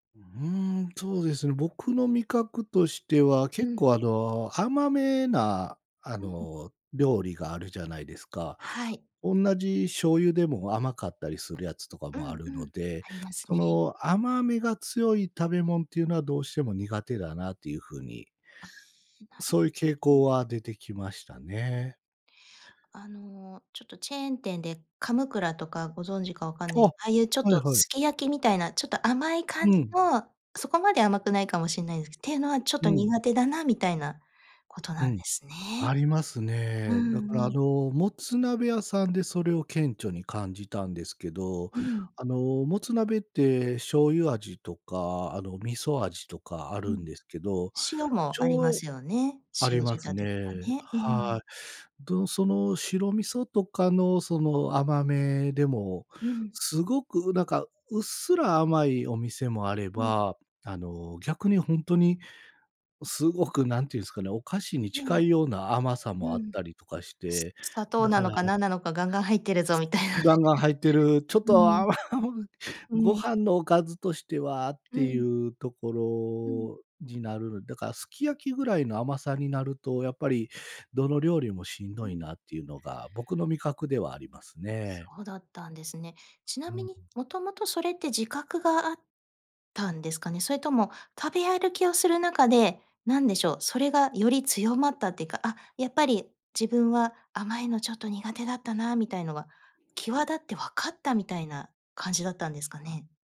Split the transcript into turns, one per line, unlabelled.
ううーん、そうですね、僕の味覚としては、
う
結
ん。
構あの、甘めな、あ
うんうん。
の、料理があるじゃないですか。
はい。
おんなじ醤油でも甘かったりするやつとか
う
もあ
ん、
る
う
の
ん。
で、
あります
そ
ね。
の、甘みが強い食べもんっていうのは、どうしても苦手だなっていう風に、うん、
な
そ
ろ
ういう傾
ほど。
向は出てきましたね。
あの、ちょっとチェーン店でカムクラとかご存知かわかん
あ、
ねすああいうちょっ
はい
と
はい。
すき焼きみたいな、ちょっと甘い感
う
じ
ん。
の、そこまで甘くないかもしんないですっていうのは、ちょっ
う
と
ん。
苦手だなみたいなこと
う
なんで
ん、
すね、
あります
う
ね。
ん、
だから
う
あ
ん。
の、もつ鍋屋さんでそれを顕著に感じたんですけど。
うん。
あの、もつ鍋って醤油味とか、あの、味噌味とかあ
う
る
ん。
んですけど、
塩
し
もありま
ょう
すよね。
あり
塩仕
ます
立てとか
ね。
ね。う
は
ん。
い。ど、その白味噌とかのその甘めでも、
ううん。
すごく、うなんかうっすら甘いお店もあれ
ううん。
ば、あの、逆にほんとに、すごく何て言うんすかね、お菓子に
ええ。
近いような甘さも
う
あっ
ん。
たり
あ、
とかし
さ
て。
砂
だ
糖な
から
のか何なのかガンガン入ってるぞ
す
みたい
す
なね。
ガンガン入ってる、ちょっ
うん。
と
うん。
甘
う
ご
ん。
飯のおかずとしてはっ
う
てい
ん。
うとこ
うん。
ろになる、だからすき焼きぐらいの甘さになると、やっぱり、どの料理もしん
う
どい
ん。
なっていうのが、僕の味覚ではあります
そ
ね。
うだったんですね。ち
う
な
んう
み
ん。
に、もともとそれって自覚があったんですかね？それとも、食べ歩きをする中で、なんでしょう、それがより強まったってか、あ、やっぱり自分は甘いのちょっと苦手だったなみたいのが、際立って分かったみたいな感じだったんですかね？